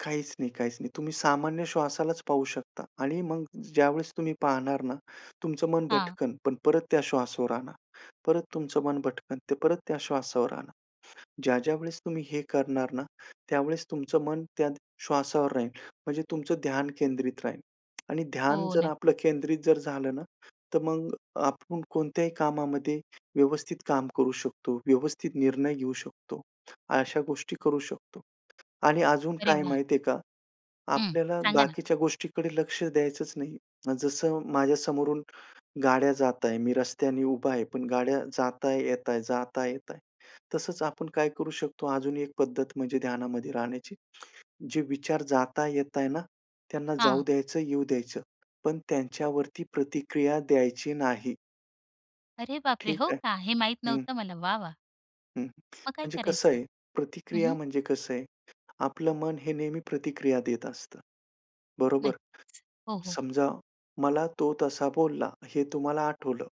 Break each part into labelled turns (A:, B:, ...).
A: काहीच नाही, काहीच नाही. तुम्ही सामान्य श्वासालाच पाहू शकता आणि मग ज्यावेळेस तुम्ही पाहणार ना, तुमचं मन
B: हां.
A: भटकन पण परत त्या श्वासावर आणा, परत तुमचं मन भटकन ते परत त्या श्वासावर आणा. ज्या ज्या वेळेस तुम्ही हे करणार ना, त्यावेळेस तुमचं मन त्या श्वासावर राहील म्हणजे तुमचं ध्यान केंद्रित राहील. आणि ध्यान
B: हो,
A: जर आपलं
B: नक्कीच.
A: केंद्रित जर झालं ना, तर मग आपण कोणत्याही कामामध्ये व्यवस्थित काम करू शकतो. व्यवस्थित निर्णय घेऊ शकतो. अशा गोष्टी करू शकतो. आणि अजून
B: अरे
A: काय
B: वाह!
A: माहिती आहे का,
B: हं,
A: आपल्याला
B: सांगा ना.
A: बाकीच्या गोष्टीकडे लक्ष द्यायचंच नाही. जसं माझ्या समोरून, गाड्या जात आहे मी रस्त्याने उभा आहे, पण गाड्या जात आहे, येत आहे, जात आहे, येत आहे. तसंच आपण काय करू शकतो अजून एक पद्धत म्हणजे ध्यानामध्ये राहण्याची, जे विचार जात आहे, येत आहे ना, त्यांना जाऊ
B: हां.
A: द्यायचं येऊ द्यायचं. पण त्यांच्यावरती प्रतिक्रिया द्यायची नाही.
B: अरे बापरे!
A: ठीक
B: हो
A: आहे,
B: का? हे माहीत
A: हं.
B: नव्हतं मला. वाह, वाह!
A: हं, हं
B: मग काय
A: म्हणजे कसं
B: करायचं?
A: आहे
B: हं,
A: प्रतिक्रिया
B: हं.
A: म्हणजे कसं आहे आपलं मन हे नेहमी प्रतिक्रिया देत असतं, बरोबर?
B: नक्कीच हो, हो.
A: समजा, मला तो तसा बोलला हे तुम्हाला आठवलं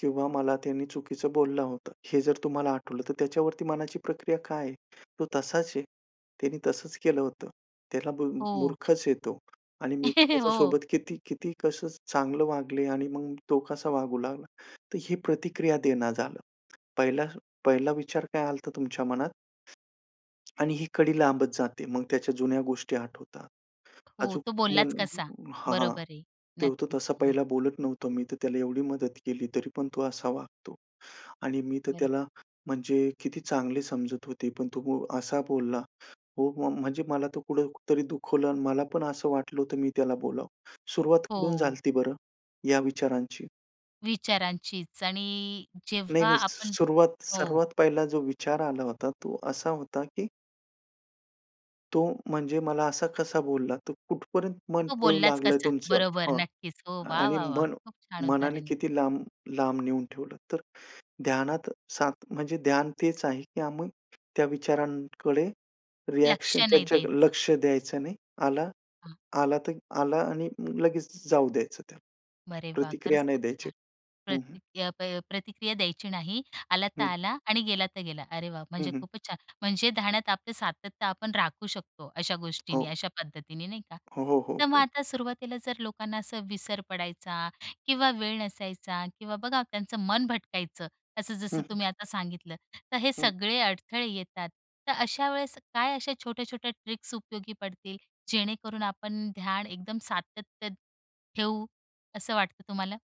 A: किंवा मला त्यांनी चुकीचं बोलला होता हे जर तुम्हाला आठवलं तर त्याच्यावरती मनाची प्रक्रिया काय आहे? तो तसाच आहे. त्यांनी तसंच केलं होतं. त्याला बोल
B: हो.
A: मुर्ख आहे तो. आणि मी तर
B: हो.
A: त्याच्यासोबत किती किती कसं चांगलं वागले आणि मग तो कसा वागू लागला, तर ही प्रतिक्रिया देणं झालं. पहिला पहिला विचार काय आलता तुमच्या मनात. आणि ही कडी लांबत जाते, मग त्याच्या जुन्या गोष्टी आठवतात.
B: हो,
A: आजूक
B: तो
A: मन
B: बोललाच कसा?
A: हां, हां,
B: बरोबर आहे,
A: ते होतो
B: नक्कीच.
A: तसा
B: हो, हो.
A: पहिला बोलत नव्हतो मी तर त्याला एवढी मदत केली तरी पण तो असा वागतो. आणि मी तर
B: बरोबर.
A: त्याला, म्हणजे किती चांगली समजत होते पण तो वो असा बोलला, हो वो म्हणजे मला तो कुठं तरी दुखवलं आणि मला पण असं वाटलं होतं मी त्याला बोलावं. सुरुवात कुठून झाली
B: हो.
A: होती बरं, या विचारांची?
B: विचारांचीच आणि,
A: नाही,
B: जेव्हा
A: नाही,
B: आपण
A: सुरुवात
B: हो.
A: सर्वात पहिला जो विचार आला होता तो असा होता, की तो म्हणजे मला असा कसा बोलला तर कुठपर्यंत मन
B: तो
A: पळू
B: बोललास
A: लागलंय
B: कसा?
A: तुमचं
B: बरोबर,
A: हां,
B: नक्कीच. हो, वाह,
A: आणि
B: वाह, वाह!
A: मन
B: खूप छान
A: मनाने
B: उदाहरण आहे.
A: किती लांब लांब नेऊन ठेवलं तर, ध्यानात सात म्हणजे ध्यान तेच आहे, की आम्ही त्या विचारांकडे
B: लक्ष
A: रिएक्शन
B: नाही
A: त्यांच्या
B: द्यायचं.
A: लक्ष द्यायचं नाही. आला
B: हां.
A: आला तर आला आणि लगेच जाऊ द्यायचं त्याला.
B: अरे वाह!
A: प्रतिक्रिया
B: खरंच
A: नाही
B: खूप
A: द्यायची.
B: छान.
A: हं, हं.
B: प्रति प्रति प प्रतिक्रिया द्यायची नाही, आला तर
A: हं.
B: आला आणि गेला तर गेला. अरे वाह,
A: हं,
B: म्हणजे
A: हं.
B: खूपच छान! म्हणजे ध्यानात आपलं सातत्य आपण राखू शकतो अशा गोष्टींनी,
A: हो.
B: अशा पद्धतीने नाही का?
A: हो, हो, हो,
B: तर मग
A: हो.
B: आता सुरुवातीला जर लोकांना असं विसर पडायचा, किंवा वेळ नसायचा, किंवा बघा त्यांचं मन भटकायचं, असं
A: हं,
B: जसं
A: हं.
B: तुम्ही आता सांगितलं तर हे
A: हं.
B: सगळे अडथळे येतात. तर अशा वेळेस काय अशा छोट्या-छोट्या ट्रिक्स उपयोगी पडतील, जेणेकरून आपण ध्यान एकदम सातत्य ठेऊ, असं वाटतं तुम्हाला?